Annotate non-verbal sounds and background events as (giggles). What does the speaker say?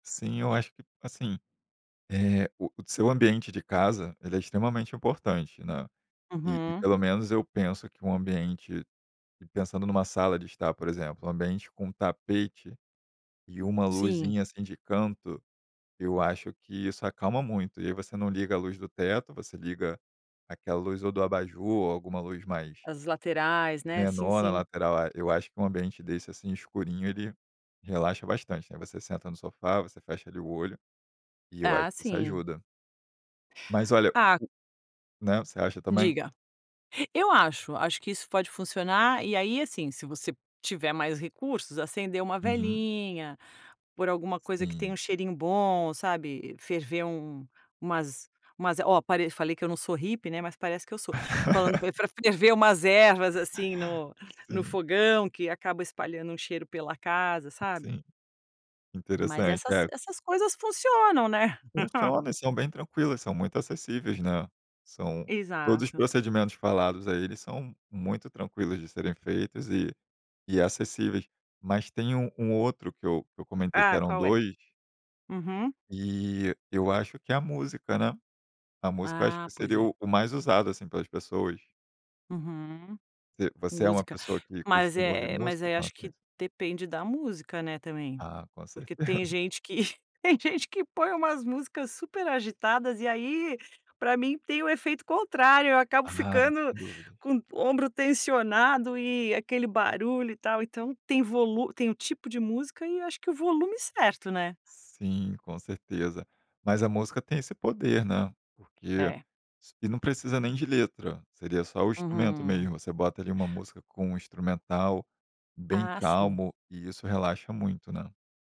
Sim, eu acho que, assim, eh, o seu ambiente de casa, ele é extremamente importante, né? E e Uhum. pelo menos eu penso que um ambiente, pensando numa sala de estar, por exemplo, um ambiente com tapete e uma Sim. luzinha, assim, de canto, eu acho que isso acalma muito. E aí você não liga a luz do teto, você liga aquela luz ou do abajur ou alguma luz mais As laterais, né? Sim, menor na sim. lateral. É, eu acho que um ambiente desse, assim, escurinho, ele relaxa bastante, né? Você senta no sofá, você fecha ali o olho, e eu acho Ah que isso sim. ajuda. Mas olha Ah o né, você acha também? Diga. Eu acho, acho que isso pode funcionar. E aí, assim, se você tiver mais recursos, acender uma Uhum. velinha, pôr alguma coisa que tenha Sim. um cheirinho bom, sabe? Ferver um umas umas, oh parei falei que eu não sou hippie né, mas parece que eu sou, falando pr (laughs) pra ferver umas ervas, assim, no-no Sim. fogão, que acaba espalhando um cheiro pela casa, sabe? Sim. Mas Interessante, essas é. essas coisas funcionam né? (chuckles) Funciona. E são bem tranquilas, são muito acessíveis, né? São todos os Exato. procedimentos falados aí, eles são muito tranquilos de serem feitos e e acessíveis. Mas tem um um outro que eu que eu comentei que Ah, eram qual é? 2. Uhum. E eu acho que é a música, né? A música acho Ah, que pois seria é. o o mais usado, assim, pelas pessoas. Uhum. V você é uma Música. pessoa que Mas costuma ouvir é mas música? aí acho que (unintelligible) depende da música, né, também. Ah, com Porque certeza. tem (giggles) gente que (laughs) tem gente que põe umas músicas super agitadas e aí pra mim tem o efeito contrário. Eu acabo Ah não, ficando sem dúvidas. com o ombro tensionado e aquele barulho e tal. Então tem volu tem o tipo de música, e eu acho que o volume certo, né? Sim, com certeza. Mas a música tem esse poder, né? Porque É. s e não precisa nem de letra. Seria só o instrumento Uhum. mesmo. Você bota ali uma música com um instrumental bem Ah, sim. calmo e isso relaxa muito, né?